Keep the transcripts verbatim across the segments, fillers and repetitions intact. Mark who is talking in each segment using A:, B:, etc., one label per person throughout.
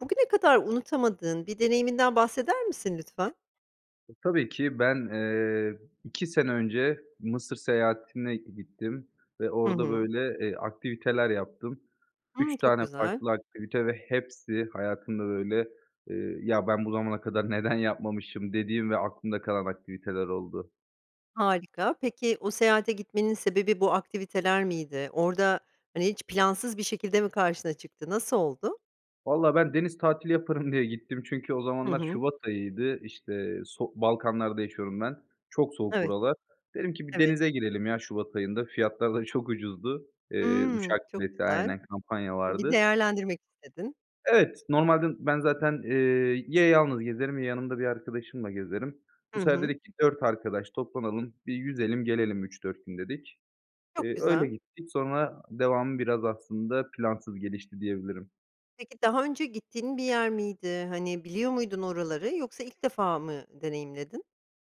A: Bugüne kadar unutamadığın bir deneyiminden bahseder misin lütfen?
B: E, tabii ki ben, eee, iki sene önce Mısır seyahatine gittim ve
A: Hı
B: orada,
A: hı.
B: böyle, eee, aktiviteler yaptım.
A: Hımm,
B: üç
A: çok
B: tane
A: güzel.
B: farklı aktivite ve hepsi hayatımda, böyle, eee, "Ya, ben bu zamana kadar neden yapmamışım?" dediğim ve aklımda kalan aktiviteler oldu.
A: Harika, peki o seyahate gitmenin sebebi bu aktiviteler miydi? Orada, hani, hiç plansız bir şekilde mi karşına çıktı, nasıl oldu?
B: Vallahi ben deniz tatili yaparım diye gittim. Çünkü o
A: Hı
B: zamanlar
A: hı.
B: Şubat ayıydı. İşte, sok Balkanlar'da yaşıyorum ben. Çok soğuk
A: Evet,
B: buralar. Dedim ki bir
A: evet.
B: denize girelim ya Şubat ayında. Fiyatlar da çok ucuzdu. Eee,
A: Hımm,
B: uçak
A: çok
B: bileti
A: güzel.
B: Aynen kampanya
A: Bir
B: vardı.
A: değerlendirmek istedin.
B: Evet, normalde ben zaten, eee, ya yalnız gezerim ya yanımda bir arkadaşımla gezerim.
A: Hı
B: Bu sefer
A: hı.
B: dedik ki dört arkadaş toplanalım, bir yüzelim gelelim üç dört gün dedik.
A: Çok
B: Eee, öyle
A: güzel.
B: gittik, sonra devamı biraz aslında plansız gelişti diyebilirim.
A: Peki, daha önce gittiğin bir yer miydi, hani, biliyor muydun oraları, yoksa ilk defa mı deneyimledin?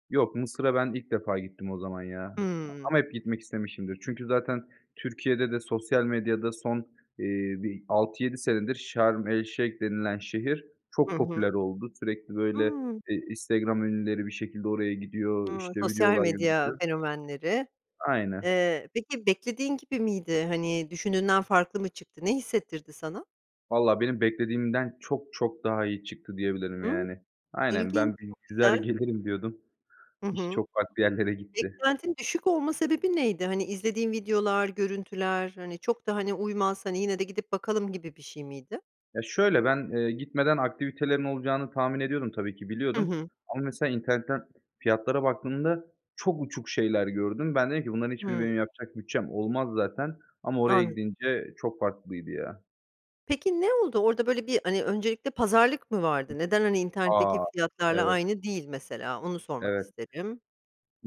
B: Yok, Mısır'a ben ilk defa gittim o zaman ya a
A: Hıı.
B: ama hep gitmek istemişimdir. Çünkü zaten Türkiye'de de sosyal medyada son, eee, bir altı yedi senedir Şarm El-Şeyh denilen şehir
A: Hı
B: çok
A: hı.
B: popüler oldu, sürekli, böyle,
A: Hıı.
B: eee, Instagram ünlüleri bir şekilde oraya gidiyor,
A: Hıı.
B: işte,
A: Sosyal
B: videolar
A: medya
B: [unintelligible]
A: fenomenleri.
B: Aynen.
A: Eee, peki, beklediğin gibi miydi? Hani, düşündüğünden farklı mı çıktı? Ne hissettirdi sana?
B: Valla benim beklediğimden çok çok daha iyi çıktı diyebilirim
A: Hıı.
B: yani. Aynen,
A: İlginç,
B: ben bir
A: çok
B: yüzer
A: güzel.
B: gelirim diyordum.
A: Hı
B: İş
A: hı.
B: çok farklı yerlere gitti.
A: Beklentin düşük olma sebebi neydi? Hani, izlediğin videolar, görüntüler, hani, çok da, hani, uymaz, hani, yine de gidip bakalım gibi bir şey miydi?
B: Ya, şöyle, ben, eee, gitmeden aktivitelerin olacağını tahmin ediyordum tabii ki
A: Hı
B: biliyordum.
A: hı.
B: Ama mesela internetten fiyatlara baktığımda çok uçuk şeyler gördüm. Ben dedim ki bunların hiçbiri
A: Hıı.
B: benim yapacak bütçem olmaz zaten. Ama oraya
A: Anladım.
B: gidince çok farklıydı ya.
A: Peki, ne oldu? Orada, böyle, bir, hani, öncelikle pazarlık mı vardı? Neden, hani, internetteki
B: A!
A: fiyatlarla
B: Evet.
A: aynı değil mesela? Onu sormak
B: Evet.
A: isterim.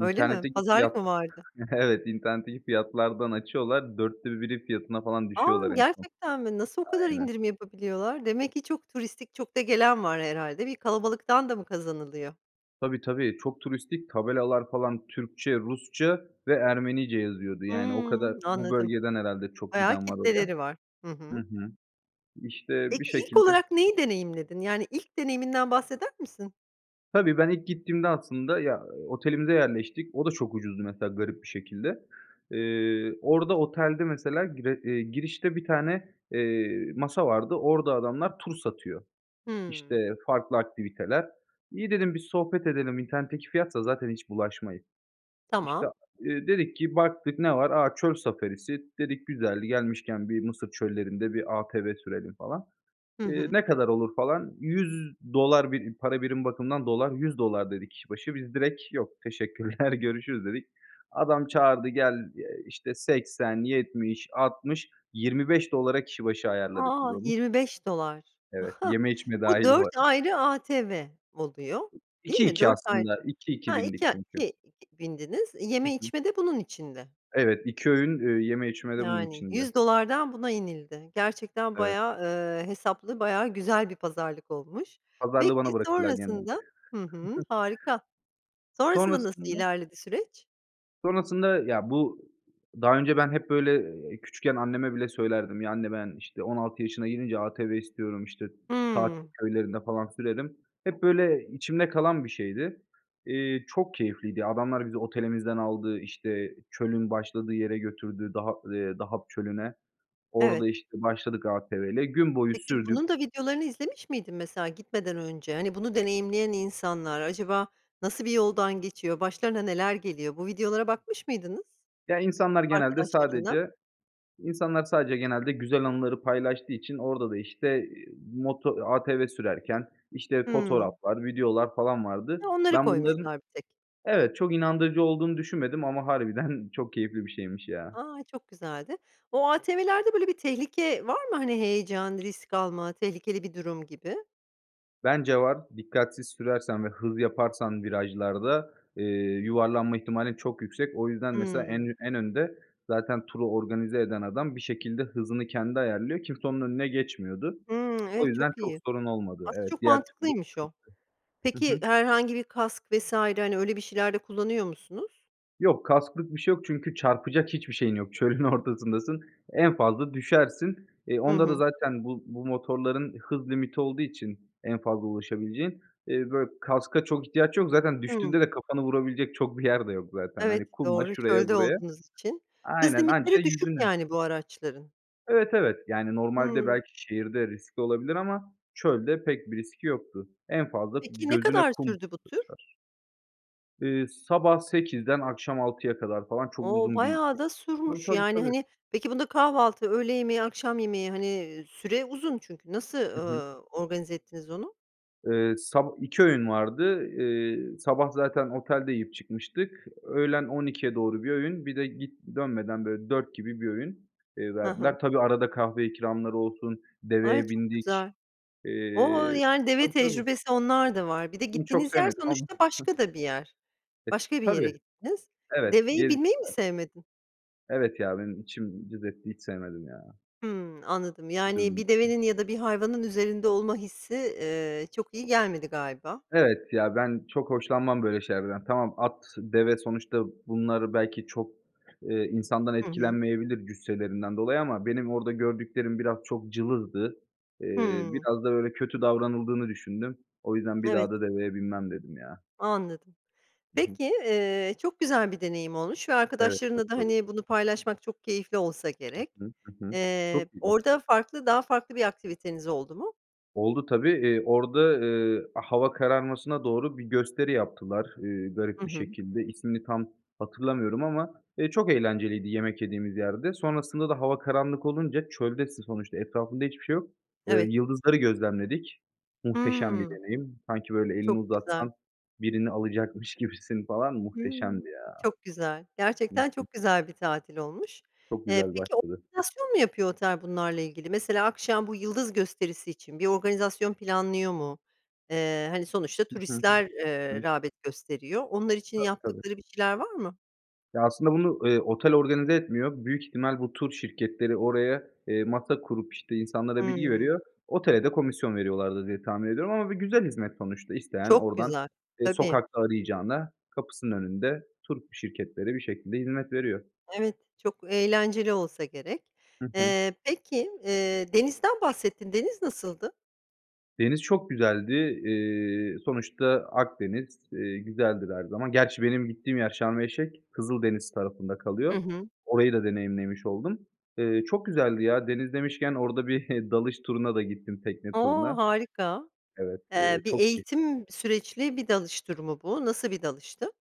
A: Öyle mi? Pazarlık mı
B: fiyatla
A: vardı?
B: Evet, internetteki fiyatlardan açıyorlar, dörtte biri fiyatına falan
A: A!
B: düşüyorlar en son.
A: Gerçekten mi? Nasıl o kadar
B: Aynen.
A: indirim yapabiliyorlar? Demek ki çok turistik, çok da gelen var herhâlde. Bir kalabalıktan da mı kazanılıyor?
B: Tabii, tabii, çok turistik, tabelalar falan Türkçe, Rusça ve Ermenice yazıyordu. Yani, o kadar
A: Hımm,
B: bu
A: anladım.
B: bölgeden herhâlde çok
A: Bayağı
B: giden var oraya.
A: kitleleri var. Hı
B: Hı
A: hı.
B: hı. İşte, bir
A: Peki, ilk
B: şekilde
A: olarak neyi deneyimledin? Yani, ilk deneyiminden bahseder misin?
B: Tabii, ben ilk gittiğimde aslında ya, otelimize yerleştik. O da çok ucuzdu, mesela, garip bir şekilde. Eee, orada otelde, mesela, gire iii, girişte bir tane, eee, masa vardı. Orada adamlar tur satıyor,
A: Hımm.
B: işte, farklı aktiviteler. "İyi," dedim, "bir sohbet edelim." "İnternetteki fiyatsa zaten hiç bulaşmayayım." İşte,
A: Tamam.
B: a iii, dedik ki baktık, ne var? "A, çöl safarisi," dedik, "güzel, gelmişken bir Mısır çöllerinde bir ATV sürelim, falan."
A: Hı
B: İii,
A: hı.
B: "Ne kadar olur?" falan. yüz dolar bir para birim bakımından dolar, yüz dolar dedi kişi başı. Biz direkt "Yok, teşekkürler görüşürüz" dedik. Adam çağırdı, "Gel", eee, işte, seksen yetmiş altmış yirmi beş dolara kişi başı ayarladık biz
A: A!
B: onu.
A: yirmi beş dolar
B: Evet, yeme içme
A: Bu
B: dâhil bu
A: dört
B: arada.
A: ayrı ATV oluyor, değil
B: iki
A: mi?
B: iki
A: dört ayrı
B: aslında, iki iki
A: Ha,
B: bindik
A: iki a
B: çünkü.
A: iki iki bindiniz,
B: Hı
A: yeme
B: hı.
A: içme de bunun içinde.
B: Evet, iki öğün, ııı, yeme içme de bunun
A: Yani,
B: içinde.
A: yüz dolardan buna inildi. Gerçekten
B: Evet.
A: bayağı, ııı, hesaplı, bayağı güzel bir pazarlık olmuş.
B: Pazarlığı
A: Peki,
B: bana bırakırlar genelde.
A: sonrasında Hı hı, harika. Sonrasında nasıl
B: Sonrasında
A: ilerledi süreç?
B: Sonrasında, ya, bu Daha önce ben hep, böyle, küçükken anneme bile söylerdim, "Ya, anne ben, işte, on altı yaşına girince ATV istiyorum, işte, tatil
A: Hımm.
B: köylerinde, falan, sürerim." Hep, böyle, içimde kalan bir şeydi. İii, çok keyifliydi, ya, adamlar bizi otelimizden aldı. İşte, çölün başladığı yere götürdü, Daha ııı, Dahab Çölü'ne.
A: Evet.
B: Orada, işte, başladık ATV'yle, gün boyu
A: Peki,
B: sürdük.
A: bunun da videolarını izlemiş miydin mesela gitmeden önce? Hani, bunu deneyimleyen insanlar, acaba nasıl bir yoldan geçiyor? Başlarına neler geliyor? Bu videolara bakmış mıydınız?
B: Ya, insanlar genelde
A: Arkadaşlarınla.
B: sadece insanlar sadece genelde güzel anıları paylaştığı için orada da, işte, iii, moto ATV sürerken, işte,
A: Hımm.
B: fotoğraflar, videolar falan vardı.
A: Hı, onları
B: Ben bunların
A: koymuşlar bir tek.
B: Evet, çok inandırıcı olduğunu düşünmedim ama harbiden çok keyifli bir şeymiş ya.
A: A, çok güzeldi. O ATV'lerde, böyle, bir tehlike var mı, hani, heyecan, risk alma, tehlikeli bir durum gibi?
B: Bence var, dikkatsiz sürersen ve hız yaparsan virajlarda, eee, yuvarlanma ihtimalin çok yüksek. O yüzden, mesela, en
A: Hımm.
B: ü en önde zaten turu organize eden adam bir şekilde hızını kendi ayarlıyor, kimse onun önüne geçmiyordu.
A: Hımm.
B: O
A: Evet,
B: yüzden
A: çok
B: çok
A: iyi.
B: sorun olmadı,
A: Aslında
B: evet,
A: çok
B: diğer türlü
A: mantıklıymış o.
B: sıkıntı. Hı
A: Peki,
B: hı.
A: herhangi bir kask vs. hani, öyle bir şeyler de kullanıyor musunuz?
B: Yok, kasklık bir şey yok çünkü çarpacak hiçbir şeyin yok. Çölün ortasındasın, en fazla düşersin. E,
A: Hı
B: onda da
A: hı.
B: zaten bu bu motorların hız limiti olduğu için en fazla ulaşabileceği. İii, böyle, kaska çok ihtiyaç yok, zaten düştüğünde
A: Hıı.
B: de kafanı vurabilecek çok bir yer de yok zaten.
A: Evet,
B: Hani, kuma,
A: doğru.
B: şuraya,
A: Çölde
B: buraya.
A: olduğunuz için. Hız
B: Aynen, anca
A: limitleri düşük
B: yüzünü.
A: yani bu araçların.
B: Evet, evet, yani, normalde
A: Hımm.
B: belki şehirde riskli olabilir ama çölde pek bir riski yoktu. En fazla
A: Peki, ne
B: gözüne
A: kadar
B: kum
A: sürdü bu tür?
B: kaçar. Iıı, sabah sekizden akşam altıya kadar falan çok
A: O,
B: uzun bir
A: bayağı da
B: Tabii,
A: sürmüş,
B: tabii,
A: yani,
B: tabii.
A: hani, peki bunda kahvaltı, öğle yemeği, akşam yemeği, hani, süre uzun çünkü, nasıl,
B: Hı hı.
A: ııı, organize ettiniz onu?
B: Iıı, sab iki öğün vardı. Iıı, sabah zaten otelde yiyip çıkmıştık. Öğlen on ikiye doğru bir öğün. Bir de git dönmeden, böyle, dört gibi bir öğün, iii,
A: Hı hı.
B: verdiler. Tabii, arada kahve ikramları olsun,
A: Ay,
B: deveye
A: çok güzel.
B: bindik.
A: O!
B: Eee
A: Yani, deve
B: Tabii, tabii.
A: tecrübesi, onlar da var. Bir de
B: Onu çok
A: gittiğiniz yer
B: sevmedim ama.
A: sonuçta başka da bir yer.
B: E,
A: Başka bir yere
B: tabii.
A: gittiniz.
B: Evet,
A: Deveye binmeyi mi
B: gezdirdiler.
A: sevmedin?
B: Evet, ya, benim içim cız etti, hiç sevmedim ya.
A: Hıı, anladım. Yani,
B: Üzüldüm.
A: bir devenin ya da bir hayvanın üzerinde olma hissi, eee, çok iyi gelmedi galiba.
B: Evet, ya, ben çok hoşlanmam böyle şeylerden. Tamam, at, deve sonuçta bunlar belki çok, eee, insandan
A: Hı hı.
B: etkilenmeyebilir cüsselerinden dolayı ama benim orada gördüklerim biraz çok cılızdı. Eee,
A: Hıı.
B: biraz da, böyle, kötü davranıldığını düşündüm. O yüzden "Bir
A: Evet.
B: daha da deveye binmem" dedim ya.
A: Anladım.
B: Hı hı.
A: Peki, eee, çok güzel bir deneyim olmuş ve
B: Evet.
A: arkadaşlarınla da,
B: [unintelligible]
A: hani, bunu paylaşmak çok keyifli olsa
B: Hı
A: gerek.
B: hı, hı hı.
A: Eee,
B: Çok iyi.
A: orada farklı, daha farklı bir aktiviteniz oldu mu?
B: Oldu tabii. Eee, orada, ııı, hava kararmasına doğru bir gösteri yaptılar, ııı,
A: Hı
B: garip bir
A: hı.
B: şekilde. İsmini tam hatırlamıyorum ama. Eee, çok eğlenceliydi yemek yediğimiz yerde. Sonrasında da hava karanlık olunca, çöldesin sonuçta, etrafında hiçbir şey yok. Eee,
A: Evet.
B: yıldızları gözlemledik, muhteşem bir
A: Hıı.
B: deneyim. Sanki, böyle, elini
A: Çok güzel.
B: uzatsan birini alacakmış gibisin, falan,
A: Hıı,
B: muhteşemdi ya.
A: çok güzel.
B: Hı
A: Gerçekten
B: hı.
A: çok güzel bir tatil olmuş.
B: Çok
A: Eee,
B: güzel
A: peki,
B: başladı.
A: organizasyon mu yapıyor otel bunlarla ilgili? Mesela akşam bu yıldız gösterisi için bir organizasyon planlıyor mu? Eee, hani, sonuçta
B: Hı hı.
A: turistler, eee,
B: [unintelligible]
A: rağbet gösteriyor. Onlar için
B: Tabii, tabii.
A: yaptıkları bir şeyler var mı?
B: Ya, aslında bunu, eee, otel organize etmiyor, büyük ihtimal bu tur şirketleri oraya, eee, masa kurup, işte, insanlara bilgi
A: Hıı.
B: veriyor, otele de komisyon veriyorlardır diye tahmin ediyorum ama bir güzel hizmet sonuçta. İsteyen
A: Çok
B: oradan,
A: güzel,
B: eee,
A: tabii.
B: sokakta arayacağına kapısının önünde tur şirketleri bir şekilde hizmet veriyor.
A: Evet, çok eğlenceli olsa gerek.
B: Hı hı.
A: Eee, peki, eee, denizden bahsettin, deniz nasıldı?
B: Deniz çok güzeldi. Eee, sonuçta Akdeniz. Eee, güzeldir her zaman. Gerçi benim gittiğim yer Sharm El Sheikh. Kızıldeniz tarafında kalıyor.
A: Hı hı.
B: Orayı da deneyimlemiş oldum. Eee, çok güzeldi ya. Deniz demişken orada bir dalış turuna da gittim, tekne
A: O!
B: turuna.
A: Harika.
B: Evet,
A: Eee,
B: eee,
A: bir
B: çok [unintelligible]
A: eğitim süreçli bir dalış durumu bu, nasıl bir dalıştı?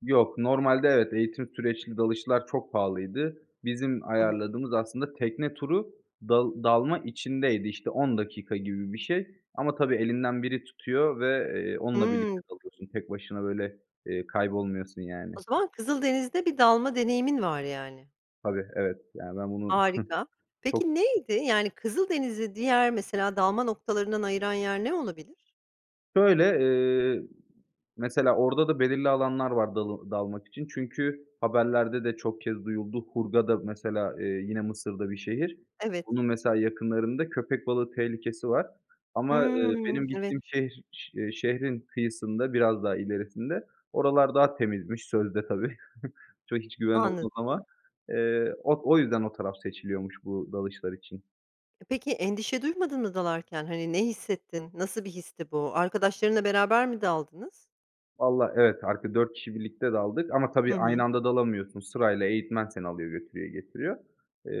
B: Yok. Normalde evet, eğitim süreçli dalışlar çok pahalıydı. Bizim
A: Hı hı.
B: ayarladığımız aslında tekne turu, dal dalma içindeydi. İşte, on dakika gibi bir şey ama tabii, elinden biri tutuyor ve, eee, onunla birlikte
A: Hıı.
B: dalıyorsun. Tek başına, böyle, eee, kaybolmuyorsun, yani.
A: O zaman Kızıldeniz'de bir dalma deneyimin var, yani.
B: Tabii, evet. Yani, ben bunu
A: Harika.
B: çok
A: Peki, neydi, yani, Kızıldeniz'i diğer mesela dalma noktalarından ayıran yer ne olabilir?
B: Şöyle, eee, mesela, orada da belirli alanlar var dalı dalmak için çünkü haberlerde de çok kez duyuldu. Hurghada, mesela, eee, yine Mısır'da bir şehir.
A: Evet.
B: Onun, mesela, yakınlarında köpek balığı tehlikesi var. Ama, eee,
A: Hıı,
B: benim
A: evet.
B: gittiğim şehr şe e şehrin kıyısında, biraz daha ilerisinde oralar daha temizmiş sözde tabii. Çok hiç güven olmaz ama.
A: Anladım.
B: Eee, o o yüzden o taraf seçiliyormuş bu dalışlar için.
A: E, peki, endişe duymadın mı dalarken, hani, ne hissettin, nasıl bir histi bu, arkadaşlarınla beraber mi daldınız?
B: Vallahi, evet, arka dört kişi birlikte daldık ama
A: Hı
B: tabii, aynı
A: hı.
B: anda dalamıyorsun. Sırayla eğitmen seni alıyor, götürüyor, getiriyor.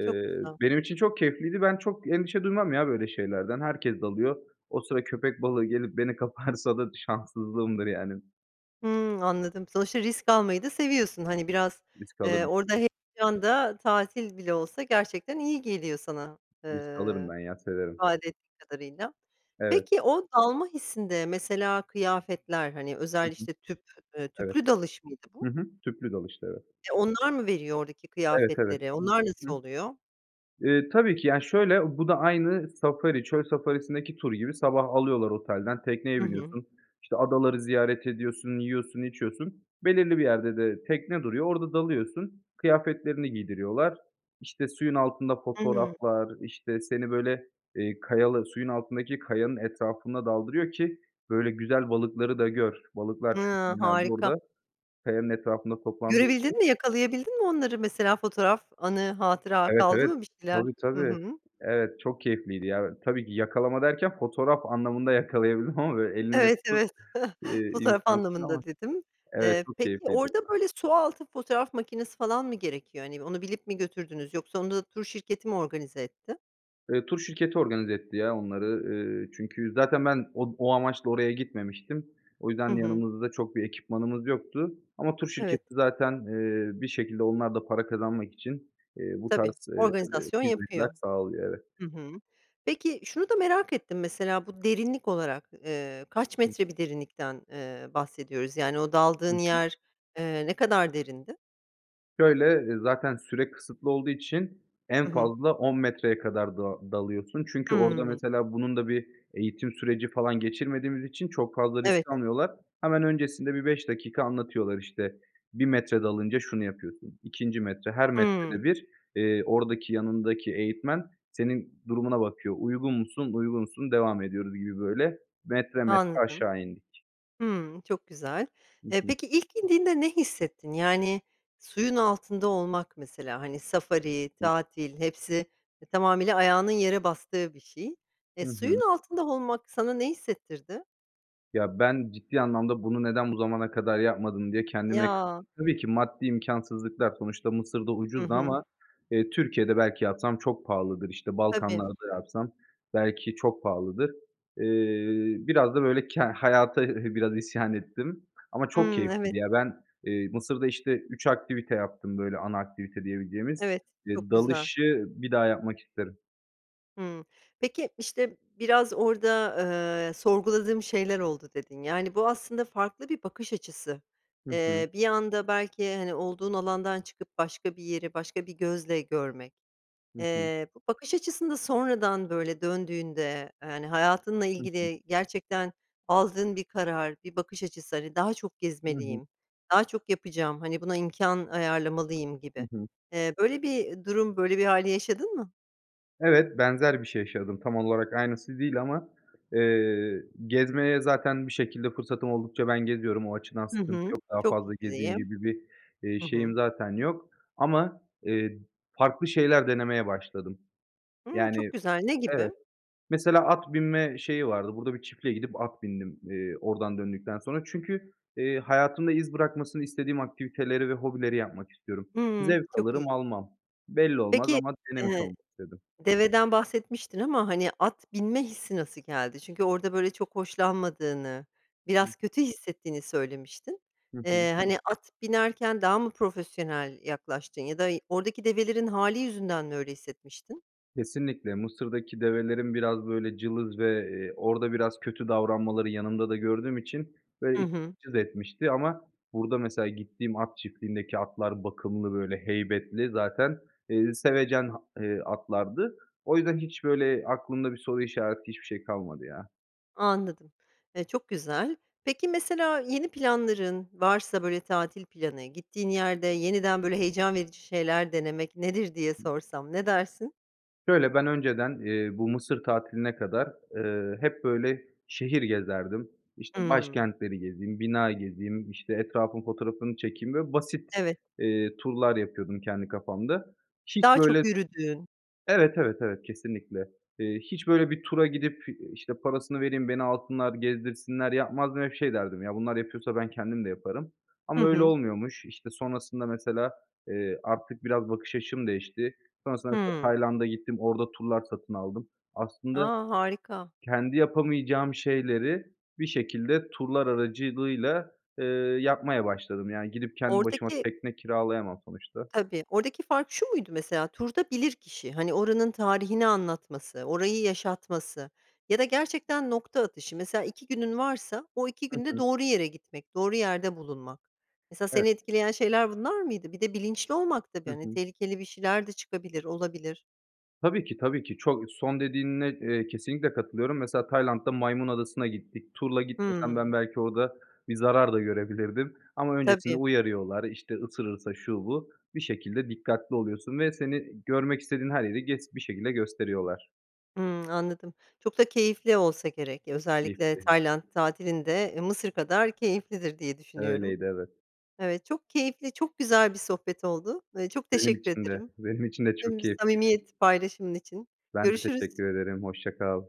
A: Çok güzel.
B: benim için çok keyifliydi. Ben çok endişe duymam ya böyle şeylerden. Herkes dalıyor. O sıra köpek balığı gelip beni kaparsa da şanssızlığımdır, yani.
A: Hımm, anladım, sonuçta risk almayı da seviyorsun. Hani, biraz,
B: Risk
A: eee,
B: alırım.
A: orada heyecan da tatil bile olsa gerçekten iyi geliyor sana,
B: Risk alırım
A: ııı,
B: ben ya, severim.
A: ifade ettiğin kadarıyla.
B: Evet.
A: Peki o dalma hissinde mesela kıyafetler, hani,
B: Hı
A: özel,
B: hı.
A: işte, tüp, ııı,
B: Evet.
A: tüplü dalış mıydı bu?
B: Hı hı. Tüplü dalıştı, evet.
A: E, onlar mı veriyor oradaki
B: Evet, evet.
A: kıyafetleri? Onlar nasıl
B: Hıı.
A: oluyor?
B: Eee, tabii ki ya, şöyle, bu da aynı Safari, çöl Safari'sindeki tur gibi sabah alıyorlar otelden,
A: Hı
B: tekneye
A: hı.
B: biniyorsun, işte, adaları ziyaret ediyorsun, yiyorsun, içiyorsun, belirli bir yerde de tekne duruyor, orada dalıyorsun, kıyafetlerini giydiriyorlar. İşte, suyun altında
A: Hıı.
B: fotoğraflar, işte, seni, böyle, eee, kayalı suyun altındaki kayanın etrafına daldırıyor ki, böyle, güzel balıkları da gör. Balıklar
A: Hıı,
B: çünkü genelde
A: harika.
B: orada kayanın etrafında toplandığı için.
A: Görebildin mi, yakalayabildin mi onları mesela fotoğraf, anı, hatıra
B: Evet,
A: kaldı
B: evet.
A: mı bir şeyler?
B: Tabii,
A: Hı
B: tabii.
A: hı.
B: Evet, çok keyifliydi ya. Tabii ki yakalama derken fotoğraf anlamında yakalayabildim ama, böyle, elinle
A: Evet,
B: tutup,
A: evet,
B: iii,
A: fotoğraf
B: imkânsız ama.
A: anlamında dedim.
B: Evet,
A: Eee,
B: çok
A: peki,
B: keyifliydi
A: orada,
B: o da.
A: böyle, su altı fotoğraf makinesi falan mı gerekiyor, hani? Onu bilip mi götürdünüz yoksa onu da tur şirketi mi organize etti?
B: Eee, tur şirketi organize etti ya onları. Eee, çünkü zaten ben od o amaçla oraya gitmemiştim. O yüzden
A: Hı hı.
B: yanımızda çok bir ekipmanımız yoktu. Ama tur
A: Evet.
B: şirketi zaten, eee, bir şekilde onlar da para kazanmak için, eee, bu
A: Tabii,
B: tarz, eee,
A: organizasyon
B: hizmetler
A: yapıyor.
B: sağlıyor, evet.
A: Hı hı. Peki, şunu da merak ettim, mesela. Bu derinlik olarak, eee, kaç metre bir derinlikten, eee, bahsediyoruz? Yani, o
B: Hı
A: daldığın
B: hı.
A: yer, eee, ne kadar derindi?
B: Şöyle, eee, zaten süre kısıtlı olduğu için en
A: Hı hı.
B: fazla on metreye kadar da dalıyorsun. Çünkü orada,
A: Hımm.
B: mesela, bunun da bir eğitim süreci, falan, geçirmediğimiz için çok fazla
A: Evet.
B: risk almıyorlar. Hemen öncesinde bir beş dakika anlatıyorlar. İşte, bir metre dalınca şunu yapıyorsun, ikinci metre, her
A: Hımm.
B: metrede bir, eee, oradaki, yanındaki eğitmen senin durumuna bakıyor. "Uygun musun, uygunsun, devam ediyoruz" gibi, böyle. Metre metre
A: Anladım.
B: aşağı indik.
A: Hımm. Çok güzel.
B: Hı
A: Eee,
B: hı.
A: peki, ilk indiğinde ne hissettin? Yani, suyun altında olmak mesela, hani, safari, tatil hepsi, eee, tamamıyla ayağının yere bastığı bir şey. Eee,
B: Hı hı.
A: suyun altında olmak sana ne hissettirdi?
B: Ya, ben ciddi anlamda bunu neden bu zamana kadar yapmadım diye kendime
A: Ya.
B: kızdım. Tabii ki maddi imkânsızlıklar, sonuçta Mısır'da
A: Hı
B: ucuzdu
A: hı.
B: ama, eee, Türkiye'de belki yapsam çok pahalıdır, işte,
A: Tabii.
B: Balkanlar'da yapsam belki çok pahalıdır. Eee, biraz da, böyle, ke hayata biraz isyan ettim ama çok
A: Hımm. Evet.
B: keyifliydi ya. Ben, eee, Mısır'da, işte, üç aktivite yaptım, böyle, ana aktivite diyebileceğimiz.
A: Evet, çok
B: İii,
A: güzel.
B: dalışı bir daha yapmak isterim.
A: Hıı. Peki, işte, biraz orada, eee, "Sorguladığım şeyler oldu." dedin, yani, bu aslında farklı bir bakış açısı.
B: Hı hı.
A: Eee, bir anda belki, hani, olduğun alandan çıkıp başka bir yeri, başka bir gözle görmek.
B: Hı hı.
A: Eee, bu bakış açısında sonradan, böyle, döndüğünde, eee, hani, hayatınla
B: Hı hı.
A: ilgili gerçekten aldığın bir karar, bir bakış açısı, hani, daha çok
B: Hı hı.
A: gezmeliyim, daha çok yapacağım, hani, buna imkân ayarlamalıyım
B: Hı
A: gibi.
B: hı.
A: Eee, böyle bir durum, böyle bir hâli yaşadın mı?
B: Evet, benzer bir şey yaşadım, tam olarak aynısı değil ama, eee, gezmeye zaten bir şekilde fırsatım oldukça ben geziyorum, o açıdan
A: Hı
B: sıkıntı
A: hı,
B: yok, daha
A: çok
B: fazla gezeyim
A: [unintelligible]
B: gibi bir, eee,
A: Hı
B: şeyim
A: hı.
B: zaten yok. Ama, eee, farklı şeyler denemeye başladım.
A: Hıı, çok
B: Yani.
A: güzel, ne gibi?
B: Evet. Mesela at binme şeyi vardı, burada bir çiftliğe gidip at bindim, eee, oradan döndükten sonra. Çünkü, eee, hayatımda iz bırakmasını istediğim aktiviteleri ve hobileri yapmak istiyorum.
A: Hıı,
B: Zevk
A: çok
B: alırım
A: iyi.
B: almam. Belli olmaz
A: Peki,
B: ama denemiş
A: ııı,
B: olmak istedim.
A: deveden bahsetmiştin ama, hani, at binme hissi nasıl geldi? Çünkü orada, böyle, çok hoşlanmadığını, biraz
B: [unintelligible]
A: kötü hissettiğini söylemiştin.
B: Hı hı.
A: Eee, hani, at binerken daha mı profesyonel yaklaştın ya da y oradaki develerin hâli yüzünden mi öyle hissetmiştin?
B: Kesinlikle, Mısır'daki develerin biraz, böyle, cılız ve, eee, orada biraz kötü davranmaları yanımda da gördüğüm için, böyle,
A: Hı
B: [unintelligible]
A: hı.
B: cız etmişti ama burada mesela gittiğim at çiftliğindeki atlar bakımlı, böyle, heybetli zaten, eee, sevecen, ha eee, atlardı. O yüzden hiç, böyle, aklımda bir soru işareti, hiçbir şey kalmadı ya.
A: Anladım, eee, çok güzel. Peki, mesela, yeni planların, varsa, böyle, tatil planı, gittiğin yerde
B: [unintelligible]
A: yeniden, böyle, heyecan verici şeyler denemek nedir diye sorsam, ne dersin?
B: Şöyle, ben önceden, eee, bu Mısır tatiline kadar, eee, hep, böyle, şehir gezerdim. İşte,
A: Hıı.
B: başkentleri gezeyim, bina gezeyim, işte, etrafın fotoğrafını çekeyim, böyle basit,
A: Evet.
B: ııı, turlar yapıyordum kendi kafamda. Hiç
A: Daha çok
B: böyle
A: yürüdüğün.
B: Evet, evet, evet, kesinlikle. Eee, hiç böyle bir tura gidip, işte, parasını vereyim, beni alsınlar gezdirsinler yapmazdım. Hep şey derdim, "Ya, bunlar yapıyorsa ben kendim de yaparım."
A: Hı
B: Ama öyle
A: hı.
B: olmuyormuş. İşte, sonrasında mesela, eee, artık biraz bakış açım değişti. Sonrasında mesela
A: Hıı.
B: Tayland'a gittim, orada turlar satın aldım. Aslında
A: A, harika.
B: kendi yapamayacağım şeyleri bir şekilde turlar aracılığıyla, eee, yapmaya başladım. Yani gidip kendi başıma
A: Oradaki
B: tekne kiralayamam sonuçta.
A: Tabii, oradaki fark şu muydu mesela? Turda bilirkişi, hani, oranın tarihini anlatması, orayı yaşatması ya da gerçekten nokta atışı. Mesela iki günün varsa, o iki
B: Hı
A: günde
B: hı.
A: doğru yere gitmek, doğru yerde bulunmak. Mesela
B: Evet.
A: seni etkileyen şeyler bunlar mıydı? Bir de bilinçli olmak tabii,
B: Hı
A: hani,
B: hı.
A: tehlikeli bir şeyler de çıkabilir, olabilir.
B: Tabii ki, tabii ki. Çok Son dediğine, eee, kesinlikle katılıyorum. Mesela Tayland'da Maymun Adası'na gittik. Turla gitmesem
A: Hıı.
B: ben belki orada bir zarar da görebilirdim ama öncesinde
A: Tabii.
B: uyarıyorlar, işte, ısırırsa şu, bu. Bir şekilde dikkatli oluyorsun ve seni görmek istediğin her yeri gez bir şekilde gösteriyorlar.
A: Hımm, anladım, çok da keyifli olsa gerek, özellikle Tayland
B: [unintelligible]
A: tatilin de Mısır kadar keyiflidir diye düşünüyorum.
B: Öyleydi, evet.
A: Evet, çok keyifli, çok güzel bir sohbet oldu. Iıı, çok
B: Benim
A: teşekkür
B: için de,
A: ederim.
B: benim için de çok
A: Tüm
B: keyifliydi.
A: samimiyet paylaşımın için.
B: Ben de
A: Görüşürüz.
B: teşekkür ederim, hoşça kal.